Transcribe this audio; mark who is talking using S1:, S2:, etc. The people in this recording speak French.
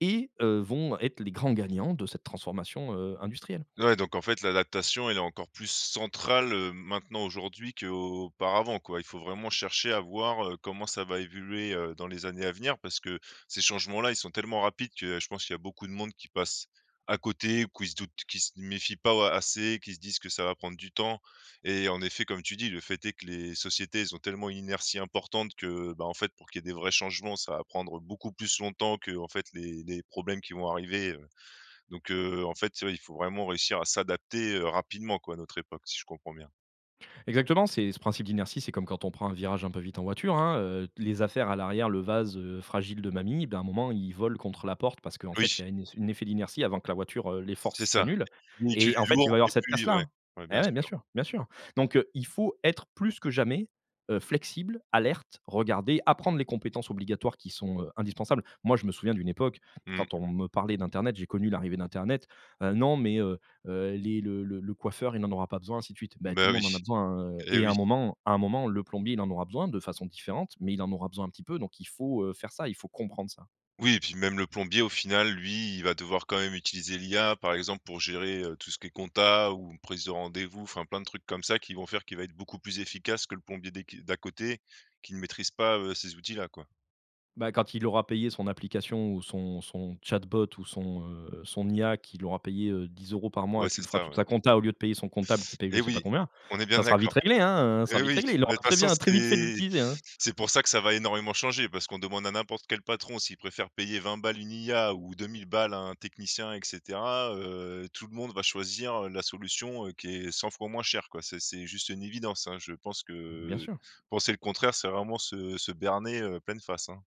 S1: Et heu, vont être les grands gagnants de cette transformation heu, industrielle.
S2: Ouais donc en fait l'adaptation elle est encore plus centrale, heu, maintenant aujourd'hui qu'auparavant quoi? Il faut vraiment chercher à voir, heu, comment ça va évoluer, heu, dans les années à venir. Parce que ces changements là ils sont tellement rapides que je pense qu'il y a beaucoup de monde qui passe à côté ou qui se doutent, qui se méfient pas au assez, qui se disent que ça va prendre du temps et en effet comme tu dis, le fait est que les sociétés elles ont tellement une inertie importante que, ben, en fait pour qu'il y ait des vrais changements, ça va prendre, heu, beaucoup plus longtemps qu'en fait les les problèmes qui vont arriver. Heu, donc heu, en fait, ouais, il faut vraiment réussir à s'adapter, heu, rapidement quoi à notre époque si je comprends bien?
S1: Exactement, c'est ce principe d'inertie, c'est comme quand on prend un virage un peu vite en voiture, hein, heu, t les affaires à l'arrière, le vase heu, fragile de mamie, ben, à un moment il vole contre la porte parce qu'en fait il
S2: Oui.
S1: y a un es une effet d'inertie avant que la voiture, heu les
S2: C'est
S1: forces
S2: ça,
S1: s'annulent
S2: ni du
S1: et en fait il va
S2: lourd
S1: y avoir
S2: et
S1: cette
S2: plus
S1: casse là,
S2: ouais,
S1: hein.
S2: ouais
S1: Eh
S2: bien
S1: ouais, bien
S2: sûr.
S1: sûr, bien sûr donc heu, il faut être plus que jamais, heu, flexible, alerte, regarder, apprendre les compétences obligatoires qui sont, heu, indispensables. Moi je me souviens d'une époque quand
S2: Mmh.
S1: on me parlait d'internet j'ai connu l'arrivée d'internet: «Heu, non mais heu, heu, les le le le coiffeur il en aura pas besoin, ainsi de suite». Ben, tout le
S2: Bah
S1: monde en a
S2: oui.
S1: besoin, hein, heu
S2: Eh
S1: et
S2: oui.
S1: un moment un moment le plombier il en aura besoin, de façon différente mais il en aura besoin un petit peu donc il faut, heu, faire ça, il faut comprendre ça.
S2: Oui et puis même le plombier au final lui il va devoir quand même utiliser l'IA par exemple pour gérer, heu, tout ce qui est comptabilité, ou prise de rendez-vous. Enfin plein de trucs comme ça qui vont faire qu'il va être beaucoup plus efficace que le plombier des qui d'à côté, qui ne maîtrise pas, heu, ces outils-là quoi.
S1: Ben, quand il aura payé son application ou son son chatbot ou son, heu, son IA qu'il aura payé, heu, 10 € par mois
S2: Ouais,
S1: et qui
S2: c'est
S1: lui fera
S2: ça,
S1: toute
S2: ouais.
S1: la comptabilité au lieu de payer son comptable qu'il paye je
S2: Eh
S1: sais pas
S2: oui,
S1: combien,
S2: on est bien
S1: ça sera
S2: d'accord.
S1: vite réglé, hein. Heu, ça sera
S2: Eh
S1: vite
S2: oui,
S1: réglé, il aura
S2: ben, de toute
S1: très
S2: façon
S1: bien très vite fait de
S2: c'est
S1: l'utiliser, hein.
S2: c'est pour ça que ça va énormément changer parce qu'on demande à n'importe quel patron s'il préfère payer 20 balles une IA ou 2 000 balles à un technicien et cetera, heu, tout le monde va choisir, heu, la solution, heu, qui est 100 fois moins cher quoi. C'est c'est juste une évidence, hein. Je pense
S1: Bien
S2: que
S1: sûr.
S2: penser le contraire c'est vraiment se se berner, heu, pleine face, hein.